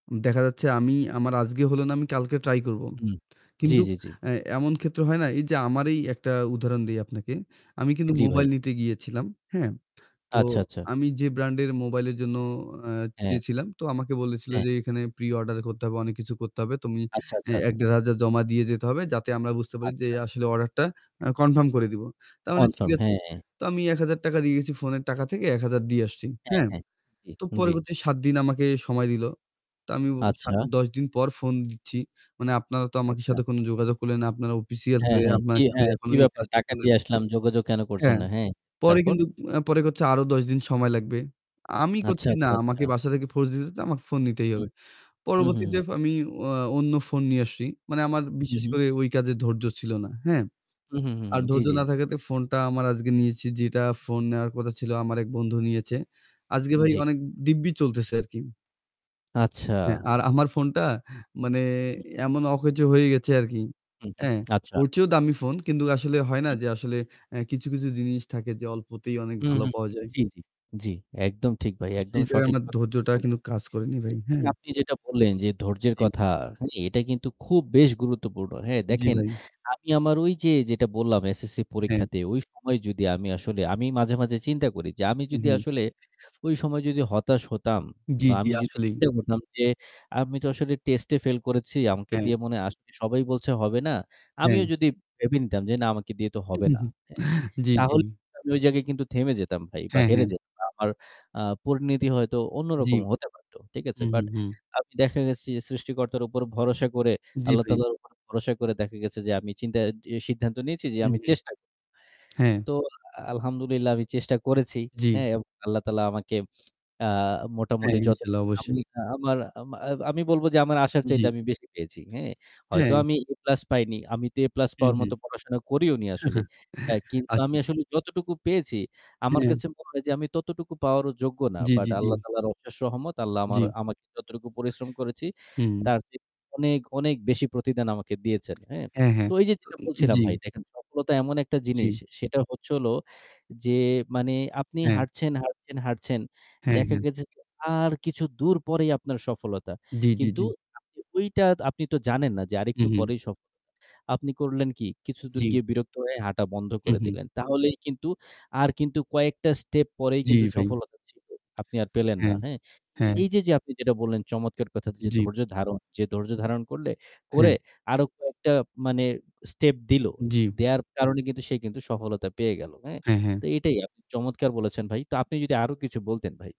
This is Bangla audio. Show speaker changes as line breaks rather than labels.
দেখা যাচ্ছে আমি আমার আজকে হলো না আমি কালকে ট্রাই করব।
উম জি,
কিন্তু
জি, জি।
অ্যা এমন ক্ষেত্র হয় না, এই যে আমার এই একটা উদাহরণ দেই আপনাকে। আমি
এ
কিন্তু
জি, ভাই।
মোবাইল নিতে গিয়েছিলাম, হ্যাঁ? তো
আচ্ছা, আচ্ছা।
আমি যে ব্র্যান্ডের মোবাইল এর জন্য অ্যা
হ্যাঁ।
গিয়েছিলাম, তো আমাকে বলেছিল
হ্যাঁ।
যে, "এখানে প্রি-অর্ডার করতে হবে, অনেক কিছু করতে হবে। তুমি
আচ্ছা,
এ
আচ্ছা, আচ্ছা।
১-১,৫০০ জমা দিয়ে যেতে হবে যাতে আমরা বুঝতে পারি যে
আচ্ছা।
আসলে অর্ডারটা আ কনফার্ম করে দিব।" তার মানে ঠিক
কনফার্ম,
আছে।
হ্যাঁ।
তো আমি ৳১,০০০ দিয়ে গেছি, ফোন এর টাকা থেকে ১,০০০ দিয়ে আসছি,
হ্যাঁ,
হ্যাঁ।
হ্যাঁ। জি,
তো
জি।
পরবর্তীতে ৭ দিন আমাকে সময় দিল। তো আমি ও সা
আচ্ছা।
১০ দিন পর ফোন দিচ্ছি, "মানে আপনারা তো আমাদের
আচ্ছা।
সাথে কোনো যোগাযোগ করলেন না। আপনারা অফিসিয়াল
হ্যাঁ,
হয়ে
হ্যাঁ। কি
আপনারা যদি
হ্যাঁ, কি
এখনো এই
ব্যাপার?
কাজটা
টাকা
করেন।"
দিয়ে আসলাম যোগাযোগ কেনো করছেন
হ্যাঁ।
না, হ্যাঁ?
পরে
তারপর?
কিন্তু অ্যা পরে কচ্ছে আরও ১০ দিন সময় লাগবে। আমি
আচ্ছা,
কচ্ছি, "না।
আচ্ছা, আচ্ছা।
আমাকে বাসা থেকে ফোর্স দিতেছে যে আমাকে ফোন নিতেই
হুম।
হবে।"
হুম, হুম, হুম।
পরবর্তীতে আমি অ্যা অন্য ফোন নিয়ে আসছি। মানে আমার
হুম,
বিশেষ
হুম।
করে ওই কাজে ধৈর্য ছিল না, হ্যাঁ?
হুম, হুম, হুম,
আর
হুম। জি,
ধৈর্য
জি, জি।
না থাকাতে ফোন টা আমার আজকে নিয়েছি, যেটা ফোন নেওয়ার কথা
উম।
ছিল আমার এক বন্ধু নিয়েছে। আজকে
হুম।
ভাই
জি।
অনেক দিব্যি চলতেছে আর কি। হ্যাঁ,
আচ্ছা।
আর আমার ফোনটা মানে
হুম।
এমন অকেজো হয়ে গেছে আর কি,
হুম, হুম।
হ্যাঁ?
আচ্ছা।
ওর চেয়েও দামি ফোন কিন্তু আসলে হয় না
হুম।
যে আসলে এ কিছু, কিছু জিনিস থাকে যে অল্পতেই অনেক
হুম,
ভালো
হুম।
পাওয়া যায়।
জি, জি। জি। একদম ঠিক ভাই,
আ সেই
একদম
জায়গায়
সঠিক
আমার
কথা
ধৈর্যটা
বলছেন
কিন্তু
ভাই।
কাজ করেনি ভাই,
এইযে
হ্যাঁ?
আপনি যেটা বললেন যে ধৈর্য্যের
জি।
কথা, হ্যাঁ? এটা কিন্তু খুব বেশ গুরুত্বপূর্ণ। হ্যাঁ?
জি,
দেখেন
ভাই।
আমি আমার ওই যে যেটা বললাম SSC
হ্যাঁ।
পরীক্ষাতে ওই সময় যদি আমি আসলে আমি মাঝে, মাঝে চিন্তা করি যে আমি
উ
যদি
হুম।
আসলে ওই সময় যদি হতাশ হতাম
জি,
বা
জি,
আমি যদি
আসলেই।
চিন্তা করতাম যে আমি তো আসলে টেস্টে ফেল করেছি, আমাকে
হ্যাঁ।
দিয়ে মনে হয় আসলে সবাই বলছে হবে না। আমিও
হ্যাঁ।
যদি ভেবে নিতাম যে, "না আমাকে দিয়ে তো হবে না।" হ্যাঁ?
জি, জি।
তাহলে আমি ওই জায়গায় কিন্তু থেমে যেতাম ভাই বা
হ্যাঁ,
হেরে
হ্যাঁ।
যেতাম। আমার, আ পরিণতি হয়তো
জি।
অন্যরকম হতে পারতো। ঠিক আছে?
হুম, হুম,
বাট
হুম।
আমি দেখা গেছে সৃষ্টিকর্তার উপর ভরসা করে,
জি,
আল্লাহ
ভাই।
তাআলার উপর ভরসা করে দেখা গেছে যে আমি চিন্তা যে সিদ্ধান্ত নিয়েছি যে
হুম,
আমি
হুম।
চেষ্টা করব।
হ্যাঁ।
তো আলহামদুলিল্লাহ আমি চেষ্টা করেছি,
জি।
হ্যাঁ? এবং আল্লাহ তাআলা আমাকে আ
হ্যাঁ।
মোটামুটি যত
ইনশাল্লাহ,
আমি
অবশ্যই।
আমার আমা আমি বলবো যে আমার আশার
জি।
চাইতে বেশি পেয়েছি, হ্যাঁ? হয়তো
হ্যাঁ।
আমি 'এ প্লাস' পাইনি, আমিতো 'এ প্লাস'
হুম,
পাওয়ার
হুম।
মতো পড়াশোনা করিওনি আসলে। অ্যা কিন্তু
আসলে।
আসলে আমি যতটুকু পেয়েছি, আমার
হ্যাঁ।
কাছে মনে হয় যে আমি ততোটুকু পাওয়ারও যোগ্য না।
জি,
বাট
জি,
আল্লাহ
জি।
তাআলার অশেষ রহমত আল্লাহ
জি।
আমার আমাকে যতটুকু পরিশ্রম করেছি,
হুম।
তারচেয়ে অনেক, অনেক বেশি প্রতিদান আমাকে দিয়েছেন, হ্যাঁ?
হ্যাঁ, হ্যাঁ।
তো এইযে যেটা
তো
বলছিলাম
জি।
ভাই, দেখেন সফলতা এমন একটা জিনিস,
জি।
সেটা হচ্ছে হলো যে মানে আপনি
হ্যাঁ।
হাঁটছেন, হাঁটছেন, হাঁটছেন।
হ্যাঁ,
দেখা
হ্যাঁ।
গেছে যে আর কিছু দূর পরেই আপনার সফলতা
জি, জি,
কিন্তু
জি।
আপনি ওইটা আপনিতো তো জানেন না যে
উ
আরেকটু
হুম।
পরেই সফল। আপনি করলেন কি কিছুদূর
জি।
গিয়ে বিরক্ত হয়ে হাটা বন্ধ
উম
করে
হুম।
দিলেন, তাহলেই কিন্তু আর কিন্তু কয়েকটা স্টেপ পরেই
জি,
কিন্তু
ভাই।
সফলতা ছিলো, আপনি আর পেলেন না,
হ্যাঁ।
হ্যাঁ? কিন্তু
হ্যাঁ।
এইযে, যে আপনি যেটা বললেন যে চমৎকার কথা যে
জি।
ধৈর্য ধারণ, যে ধৈর্য ধারণ করলে
হ্যাঁ।
করে আরো কয়েকটা মানে স্টেপ দিলো,
জি।
দেওয়ার কারনে কিন্তু সে কিন্তু সফলটা পেয়ে গেলো। হ্যাঁ?
হ্যাঁ, হ্যাঁ।
তো এইটাই আপনি চমৎকার বলেছেন ভাই। তা আপনি যদি আরো কিছু বলতেন ভাই।